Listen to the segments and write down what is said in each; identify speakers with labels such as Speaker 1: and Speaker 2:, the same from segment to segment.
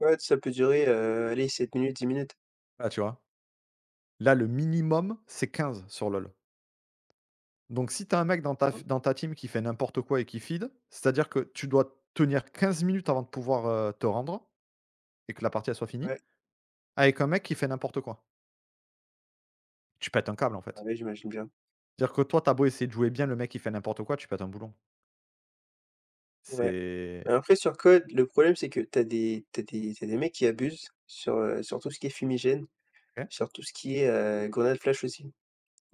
Speaker 1: Ouais, ça peut durer, heu, allez 7 minutes, 10 minutes.
Speaker 2: Ah, tu vois? Là, le minimum, c'est 15, sur LoL. Donc si tu as un mec dans ta
Speaker 1: Mmh.
Speaker 2: f dans ta team qui fait n'importe quoi et qui feed, c'est-à-dire que tu dois tenir 15 minutes avant de pouvoir, heu, te rendre et que la partie elle soit finie.
Speaker 1: Ouais.
Speaker 2: Avec un mec qui fait n'importe quoi. Tu pètes un câble, en
Speaker 1: Ah
Speaker 2: fait.
Speaker 1: ouais, j'imagine bien.
Speaker 2: Dire que toi tu as beau essayer de jouer bien, le mec il fait n'importe quoi, tu pètes un boulon.
Speaker 1: Ouais.
Speaker 2: C'est
Speaker 1: Heu, après sur CoD, le problème c'est que tu as des tu as des tu as des mecs qui abusent. Sur, heu, sur tout ce qui est fumigène,
Speaker 2: OK.
Speaker 1: sur tout ce qui est, heu, grenade flash aussi.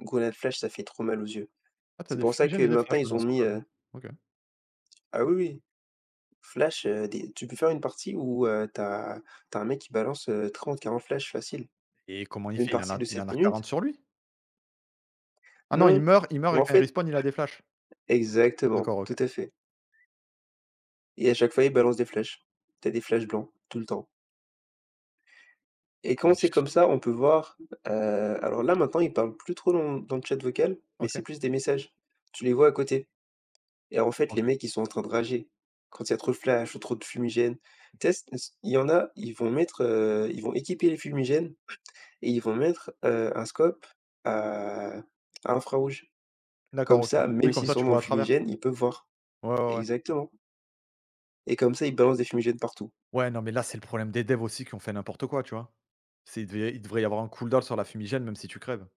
Speaker 1: Grenade flash, ça fait trop mal aux yeux.
Speaker 2: Ah, tu as
Speaker 1: C'est
Speaker 2: des
Speaker 1: pour ça que
Speaker 2: fumigènes et des
Speaker 1: maintenant,
Speaker 2: flashs,
Speaker 1: ils
Speaker 2: maintenant,
Speaker 1: ont
Speaker 2: sur
Speaker 1: mis,
Speaker 2: CoD?
Speaker 1: heu
Speaker 2: OK.
Speaker 1: Ah oui, oui. Flash, heu, dé tu peux faire une partie où, heu, tu as tu as un mec qui balance, heu 30-40 flashs, facile.
Speaker 2: Et comment il
Speaker 1: Une
Speaker 2: fait? Il en
Speaker 1: partie
Speaker 2: a
Speaker 1: de
Speaker 2: il en
Speaker 1: 7
Speaker 2: a
Speaker 1: minutes.
Speaker 2: 40 sur lui? Ah non, il
Speaker 1: Non.
Speaker 2: meurt il meurt
Speaker 1: Mais
Speaker 2: et
Speaker 1: en
Speaker 2: quand il
Speaker 1: fait
Speaker 2: respawn il a des flashs?
Speaker 1: Exactement,
Speaker 2: D'accord,
Speaker 1: tout
Speaker 2: OK.
Speaker 1: à fait. Et à chaque fois, il balance des flashs. Tu as des flashs blancs, tout le temps. Et quand
Speaker 2: Mais tu
Speaker 1: c'est
Speaker 2: tu
Speaker 1: comme ça, on peut voir, heu alors là, maintenant, ils parlent plus trop dans le dans le chat vocal, mais c'est
Speaker 2: OK.
Speaker 1: plus des messages. Tu les vois à côté. Et en fait, les
Speaker 2: OK.
Speaker 1: mecs ils sont en train de rager, quand il y a trop de flashs ou trop de fumigènes. Tess ns il y en a, ils vont mettre, heu ils vont équiper les fumigènes et ils vont mettre, heu, un scope à à infrarouge.
Speaker 2: D'accord,
Speaker 1: Comme
Speaker 2: OK.
Speaker 1: ça,
Speaker 2: Oui,
Speaker 1: même
Speaker 2: comme
Speaker 1: s'ils
Speaker 2: ça,
Speaker 1: sont
Speaker 2: tu
Speaker 1: dans le
Speaker 2: vois à travers.
Speaker 1: fumigène, ils peuvent voir.
Speaker 2: Ouais, ouais, ouais.
Speaker 1: Exactement. Et comme ça ils balancent des fumigènes partout.
Speaker 2: Ouais, non mais là, c'est le problème des dev aussi, qui ont fait n'importe quoi, tu vois? C'est il devait il devrait y avoir un cooldown sur la fumigène, même si tu crèves.